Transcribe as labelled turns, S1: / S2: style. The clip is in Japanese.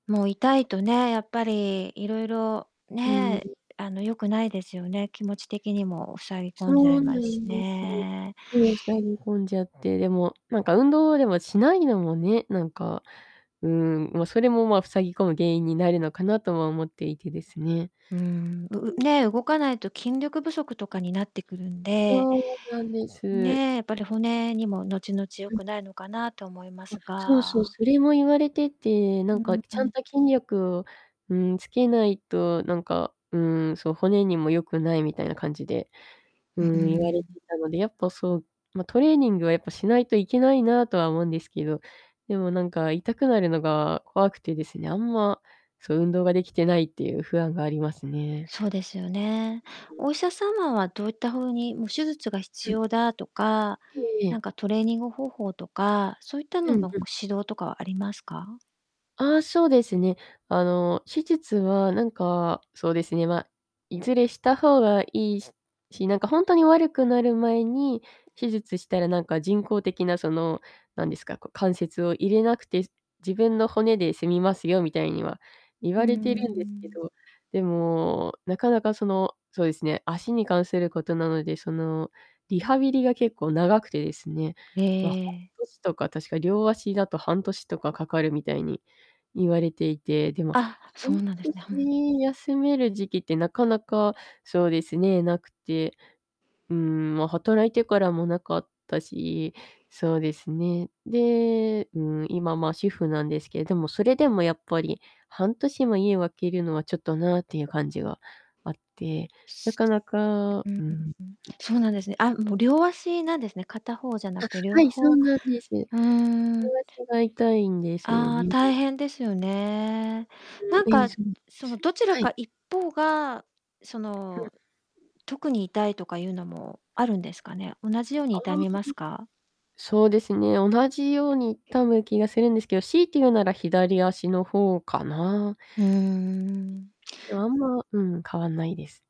S1: もう痛いとね、やっぱりいろいろ
S2: う
S1: ね、
S2: ん。
S1: あの良くないですよね。気持ち的にも塞ぎ
S2: そ
S1: 込んじゃい
S2: うな
S1: ますし
S2: んです。
S1: ね。
S2: そう、塞ぎ込んじゃって、でも、なんか運動でもしないのもね、なんか、ん、ま、それも、ま、塞ぎ込む原因になるのかなとは思っていてですね。
S1: うん、
S2: う
S1: うう
S2: ん。
S1: ね、動かないと筋力不足とかになってくるんで。
S2: そうなんです。
S1: ねえ、やっぱり骨にも後々良
S2: うん。
S1: くないのかなと思いま
S2: あ、
S1: す
S2: そうそう、
S1: が。
S2: それも言われてて、
S1: う
S2: なん
S1: んう
S2: か
S1: ん、う
S2: ちゃん
S1: ん。
S2: と筋力を、うん、つけないと、なんか、うん、そう、骨にも良くないみたいな感じで、う
S1: う、う
S2: ん、言われ
S1: ん。
S2: てたので、やっぱそう、ま、トレーニングはやっぱしないといけないなとは思うんですけど、でもなんか痛くなるのが怖くてですね、あんま、そう、運動ができてないっていう不安がありますね。
S1: そうですよね。
S2: うん。
S1: お医者様はどういったふうに、もう手術が必
S2: うん。
S1: 要だとか、
S2: えええ
S1: なん
S2: え。
S1: かトレーニング方法とか、そういった
S2: う
S1: の
S2: ん、
S1: の
S2: うん。
S1: 指導とかはありますか？
S2: あ、そうですね、あの手術はなんか、そうですね、ま、いずれした方が良いしし、なんかほんとに悪くなる前に手術したらなんか人工的なその、なんですか、こう関節を入れなくて、自分の骨で済みますよみたいには言
S1: う
S2: われてるんですけ
S1: ん。
S2: ど、でもなかなかその、そうですね、足に関することなので、そのリハビリが結構長くてですね、
S1: へ
S2: ま、半
S1: え。
S2: 年とか確か両足だと半年とかかかるみたいに言われていて、でも
S1: あ、そ
S2: 半
S1: うなんですね。ふん。
S2: 年休める時期ってなかなか、そうですね、無くて。うん、ま、働いてからも無かったし、そうですね、で、うん、今、ま、主婦なんですけど、でもそれでもやっぱり、半年も家を空けるのはちょっとなっていう感じがあって、なかなか、
S1: うううん。
S2: うん、ん。
S1: そうなんですね。あも、う両足なんですね。片方じゃな
S2: あ、
S1: くて両
S2: はい、そう
S1: 方
S2: なんです。両
S1: うん。
S2: 足が痛いんですよ
S1: あ、
S2: ね。
S1: 大変ですよね。
S2: うん。
S1: なん
S2: ええ、
S1: か
S2: そうなんで
S1: その
S2: すよね。
S1: どちら
S2: はい。
S1: か一方がそ
S2: うん。
S1: の、特に痛いとかいうのもあるんですかね？同じように
S2: ああ。
S1: 痛みますか？
S2: そうですね、同じように多分気がするんですけど、強いて言うなら左足の方かな。
S1: うん。
S2: でも、あんま、うん、変わんないです。